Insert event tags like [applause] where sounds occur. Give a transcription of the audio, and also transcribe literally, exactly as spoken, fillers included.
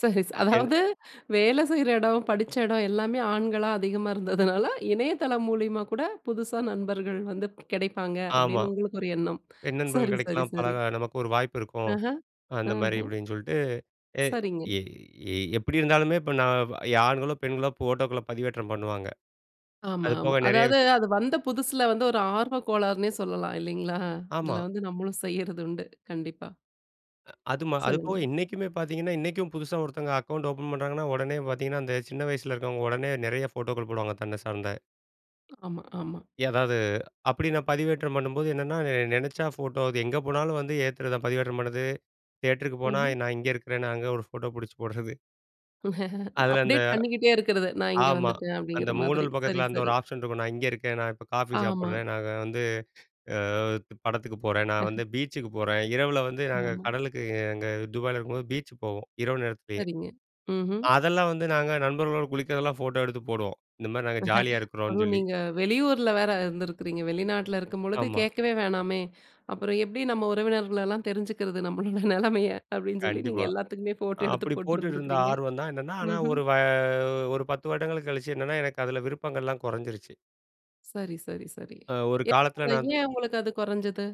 சரி, ச ஏன்னு அதாவது, "வேலை செய்ற இடம், படிச்ச இடம் எல்லாமே ஆண்களா, அதிகமா இருந்ததுனால, இணையதளம் மூலியமா கூட புதுசா நண்பர்கள் வந்து கெடைப்பாங்க." ஆமா. அப்படின்னு உங்களுக்கு ஒரு எண்ணம். "பெண் நண்பர்கள் சரி, சரி, கிடைக்கலாம், சரி. பழக நமக்கு ஒரு வாய்ப்பு இருக்கும், அஹ, அந்த மாரி." ஆஹு. அப்படின்னு சொல்ட்டு ஏ சரிங்க. எ எ எப்படி இருந்தாலுமே, இப்ப நான் வ் ஆண்களோ, பெண்களோ ஃபோட்டோக்கள பதிவேற்றம் பண்ணுவாங்க. ஆமா, அது ஆமா. போக நெறைய அதாவது, விஷ அது வந்த புதுசில வந்து, ஒரு ஆர்வ கோளாறுன்னே சொல்லல்லாம். இல்லைங்களா? அதில ஆமா. வந்து நம்மளும் செய்றது உண்டு. கண்டிப்பா. அது ம அது போக சொல்லுங்க. இன்னைக்குமே பார்த்தீங்கன்னா, இன்னைக்கும் புதுசா ஒருத்தங்க அக்கவுண்ட் ஓப்பன் பண்றாங்கன்னா, உடனே பார்த்தீங்கன்னா, அந்த சின்ன வயசில இருக்கிறவங்க, உடனே நெறைய ஃபோட்டோக்கள் போடுவாங்க, தன்ன சார்ந்த. ஆமா, ஆமா. எதாவது அப்படி நான் பதிவேற்றம் பண்ணும்போது என்னன்னா, நெ நெனச்சா ஃபோட்டோ அது எங்க போனாலும் வந்து ஏத்தறது தான், பதிவேற்றம் பண்றது. தியேட்டருக்கு போனா, ம்ஹ்ம். நான் இங்க இருக்கிறேன்னு அங்க ஒரு ஃபோட்டோ பிடிச்சு போடுறது. அதில அந்த அப்டேட் பண்ணிக்கிட்டே இருக்கிறது. "நான் இங்க ஆமா. வந்துட்டேன்." அந்த அப்படிங்கிற மாதிரி. முகநூல் சரி, பக்கத்தில, அந்த சரி. ஒரு ஆப்ஷன் இருக்கும். "நான் இங்க இருக்கேன். நான் இப்ப காஃபி ஆமா. சாப்பிடுறேன். நாங்க வந்து அ து படத்துக்கு போறேன், நான் வந்து [chuckles] பீச்சுக்கு போறேன்." இரவில வந்து, நாங்க ஆமா. கடலுக்கு அங்க துபாயில இருக்கும்போது பீச்சுக்கு போவோம், இரவு நேரத்திலேயே. சரிங்க, ம்ஹ்ம். அதெல்லாம் வந்து நாங்க நண்பர்களோட குளிக்கிறதெல்லாம் ஃபோட்டோ எடுத்து போடுவோம், இந்த மாரி நாங்க ஜாலியா [laughs] இருக்கிறோம்ன்னு அதுவும் சொல்லி. நீங்க வெளியூர்ல வேற இருந்திருக்குறீங்க. வெளிநாட்டில இருக்கும்பொழுது ஆமா. கேட்கவே வேணாமே, "அப்புறம் எப்படி நம்ம உறவினர்கலெல்லாம் தெரிஞ்சுக்கிறது, நம்மளோட நெலமைய?" அப்படீன்னு சொல்லி, நீங்க கண்டிப்பா. எல்லாத்துக்குமே ஃபோட்டோ எடுத்து அப்படி போட்டுட்டு இருந்த, போட்டிருந்துருக்கறீங்க. ஆர்வம் தான், என்னன்னா. ஆனா, ம்ஹ்ம். ஒரு வ ஒரு பத்து வருடங்கள் கழிச்சு என்னன்னா, எனக்கு அதில விருப்பங்கள்லாம் கொறஞ்சிருச்சு. சரி, சரி, சரி. அ ஒரு ஏ காலத்தில அது நான் து ஏன் உங்களுக்கு அது கொறஞ்சது?